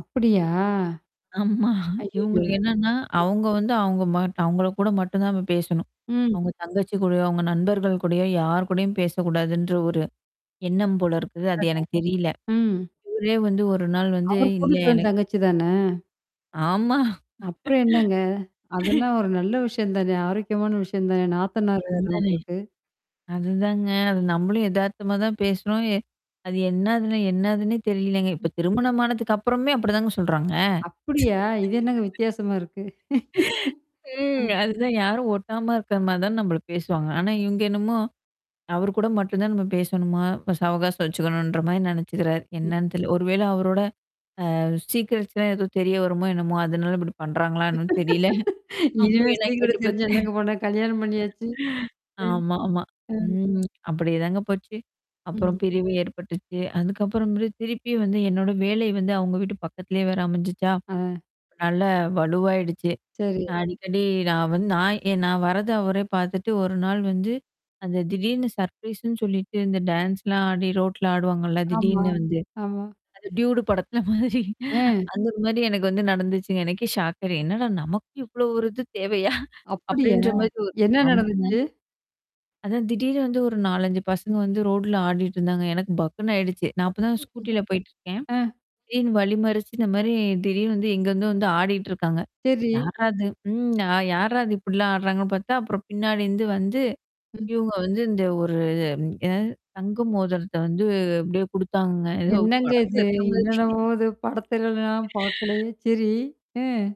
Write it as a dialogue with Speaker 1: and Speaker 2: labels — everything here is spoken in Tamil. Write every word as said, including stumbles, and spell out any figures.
Speaker 1: அப்படியா?
Speaker 2: ஆமா.
Speaker 1: அய்யய்யோ!
Speaker 2: இவுங்களுக்கு என்னான்னா,
Speaker 1: ம்.
Speaker 2: அவுங்க வந்து அவுங்க மாட்டு அவுங்கள கூட மட்டும் தான் நம்ம பேசணும்.
Speaker 1: ம்.
Speaker 2: அவுங்க தங்கச்சி கூடயோ, அவுங்க நண்பர்கள் கூடயோ, யார் கூடயும் பேசக்கூடாதுன்ற ஒரு எண்ணம் போல இருக்குது. அது எனக்கு தெரியல.
Speaker 1: [unintelligible] ம்.
Speaker 2: இவரே வந்து ஒரு நாள் வந்து
Speaker 1: அவரு
Speaker 2: இல்ல
Speaker 1: கூட்டிட்டு வந்த
Speaker 2: எனக்கு
Speaker 1: தங்கச்சி தானே!
Speaker 2: ஆமா.
Speaker 1: அப்புறம் என்னாங்க? அதெல்லாம் ஒரு நல்ல விஷயம் தானே! ஆரோக்கியமான விஷயம் தானே! நாத்தனாரு வேற
Speaker 2: அந்தானே!
Speaker 1: உங்களுக்கு.
Speaker 2: அதுதாங்க. அது நம்மளும் எதார்த்தமா தான் பேசுறோம். எ அது என்னாதுன்னே என்னாதுன்னே தெரியலங்க. இப்ப
Speaker 1: ம்.
Speaker 2: திருமணமானதுக்கு அப்புறமே அப்படிதாங்க சொல்றாங்க.
Speaker 1: அப்படியா? இது என்னாங்க வித்தியாசமா இருக்கு?
Speaker 2: ம்.
Speaker 1: ம்.
Speaker 2: அதுதான் யாரும் ஒட்டாம இருக்கற மாரி தான் நம்பள பேசுவாங்க. ஆனா இவுங்க என்னமோ அவர் கூட மட்டும் தான் நம்ம பேசணுமாம். சவகாசம் வச்சுக்கணுன்ற மாரி நெனச்சுக்கிறாரு.
Speaker 1: ம்.
Speaker 2: என்னான்னு தெரில! ஒரு வேள அவரோட அ சீக்ரட்ஸ்லாம் ஏதோ தெரிய வருமோ என்னமோ? அதனால இப்படி பண்றாங்களா? என்னான்னு தெரியல.
Speaker 1: இனிமே
Speaker 2: அப்டி எல்லாம் கேட்டு
Speaker 1: சீக்கிரட்டு தெரிஞ்சு
Speaker 2: பாத்துட்டேன்.
Speaker 1: என்னங்க பண்ண கல்யாணம் பண்ணியாச்சு!
Speaker 2: ஆமாமா.
Speaker 1: ம். ம்.
Speaker 2: ம். அப்படியேதாங்க போச்சு. அப்புறம்
Speaker 1: ம்.
Speaker 2: பிரிவு ஏற்பட்டுச்சு. அதுக்கப்புறமேலு திருப்பி வந்து என்னோட வேலை வந்து அவுங்க வீட்டு பக்கத்திலேயே வேற அமஞ்சுச்சா.
Speaker 1: ஆ.
Speaker 2: நல்லா வலுவாயிடுச்சு.
Speaker 1: சரி.
Speaker 2: அ அடிக்கடி நான் வந் நான் ஏ நான் வரது அவரே பாத்துட்டு ஒரு நாள் வந்து அந்த திடீர்னு சர்ப்ரைஸ்ன்னு சொல்லிட்டு, இந்த டான்ஸ்லாம் ஆடி ரோட்ல ஆடுவாங்கல்ல,
Speaker 1: ஆமா.
Speaker 2: திடீர்னு வந்து!
Speaker 1: ஆமா,
Speaker 2: அந்த டியூடு படத்த மாதிரி.
Speaker 1: அ.
Speaker 2: அந்த மாரி எனக்கு வந்து நடந்துச்சுங்க. எனக்கே ஷாக்க என்னடா நமக்கு இவ்ளோ ஒரு இது தேவையா?
Speaker 1: அப்படியா?
Speaker 2: அப்படின்ற மாரி ஒ
Speaker 1: என்னா
Speaker 2: ஆமாங்க.
Speaker 1: நடந்துச்சு?
Speaker 2: அதான் திடீர்னு வந்து ஒரு நாலஞ்சு பசங்க வந்து ரோடுல ஆடிட்டு இருந்தாங்க. எனக்கு பக்குன்னு ஆயிடுச்சு. நான் அப்ப தான் ஸ்கூட்டில
Speaker 1: அப்புடியா
Speaker 2: போயிட்டுருக்கேன்.
Speaker 1: அ.
Speaker 2: திடீர்னு வழிமறிச்சு இந்த மாரி திடீர்ன்னு வந்து, எங்க எங்க வந்து ஆடிட்டு இருக்காங்க.
Speaker 1: சரி.
Speaker 2: யார்ரா அது? ம் ஆ, யார்ரா அது இப்டிலாம் ஆடுறாங்கன்னு பாத்தா அப்புறம் பின்னாடி இருந்து வந்து
Speaker 1: ம்.
Speaker 2: இவுங்க வந்து இந்த ஒரு இ என்னாது தங்க மோதரத்த வந்து அப்டியியே குடுத்தாங்கங்க. ஏதோ
Speaker 1: என்னாங்க
Speaker 2: படத்துல
Speaker 1: இது?
Speaker 2: இருக்க
Speaker 1: என்னான்னவோ
Speaker 2: மாரி
Speaker 1: இது படத்துல நான் பாக்கலையே! சரி! ம்.